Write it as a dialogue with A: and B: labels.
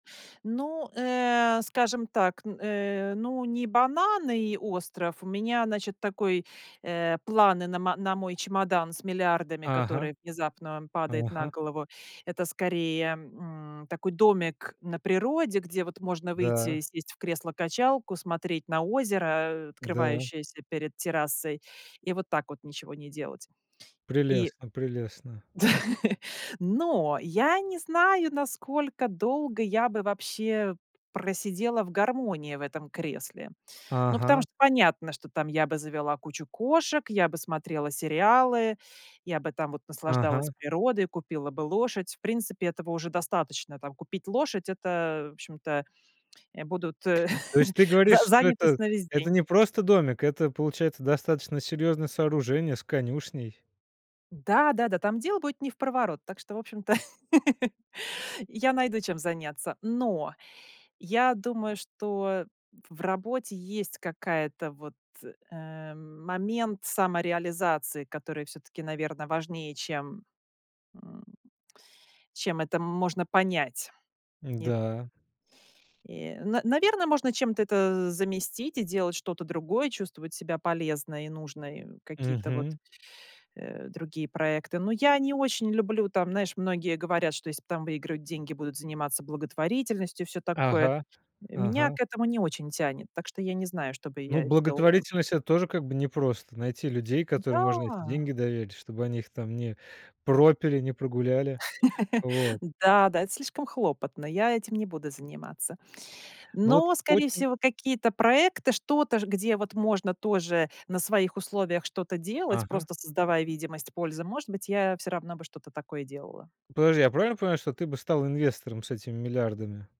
A: Ну, э, скажем так, н э, ну, не бананы и остров. У меня, значит, такой, э, планы на ма на мой чемодан с миллиардами,
B: Ага,
A: который внезапно падает на
B: ага.
A: голову. Это, скорее, м, такой домик на природе, где, вот, можно выйти и
B: Да.
A: сесть в кресло-качалку, смотреть на озеро, э,
B: Да.
A: открывающееся перед террасой, и вот так вот ничего не делать. И
B: Прелестно, прелестно.
A: Но, я не знаю, насколько долго я бы, вообще, просидела в гармонии в этом кресле. Ну, потому
B: Ага.
A: что, понятно, что там я бы завела кучу кошек, я бы смотрела сериалы, я бы там вот наслаждалась
B: Ага.
A: природой, купила бы лошадь. В принципе, этого уже достаточно, там, купить лошадь. Это, в общем-то, э, будут, э,
B: То есть, ты
A: за
B: говоришь, что
A: занятость
B: это
A: на весь
B: это
A: день.
B: не просто домик, это, получается, достаточно серьезное сооружение с конюшней.
A: Да-да-да, там дел будет невпроворот, так что, в общем-то, я найду, чем заняться. Но, я думаю, что в в работе есть какая-то, вот, э, момент самореализации, который, всё-таки, наверно, важнее, чем, м, чем это можно понять. Ит
B: Да.
A: Э, н наверно, можно чем-то это заместить и делать что-то другое, чувствовать себя полезной, нужной, какие-то, вот,
B: Мгм.
A: э, другие проекты. Но я не очень люблю, там, знаешь, многие говорят, что если, там, выигрывают деньги, будут заниматься благотворительностью и всё такое.
B: Ага,
A: Меня
B: ага.
A: к этому не очень тянет. Так что, я не знаю, что бы
B: Ну,
A: я делала.
B: благотворительность- это тоже, как бы, непросто найти людей, которым можно эти
A: Да.
B: деньги доверить, чтобы они их там не пропили, не прогуляли. Вот.
A: Да да, это слишком хлопотно, я этим не буду заниматься.
B: Ну, вот,
A: Но, скорее
B: очень
A: всего, какие-то проекты, что-то ж, где, вот, можно тоже на своих условиях что-то делать,
B: Ага.
A: просто создавая видимость пользы. Может быть, я всё равно бы что-то такое делала.
B: Подожди, я правильно понимаю, что ты бы стала инвестором с этими миллиардами?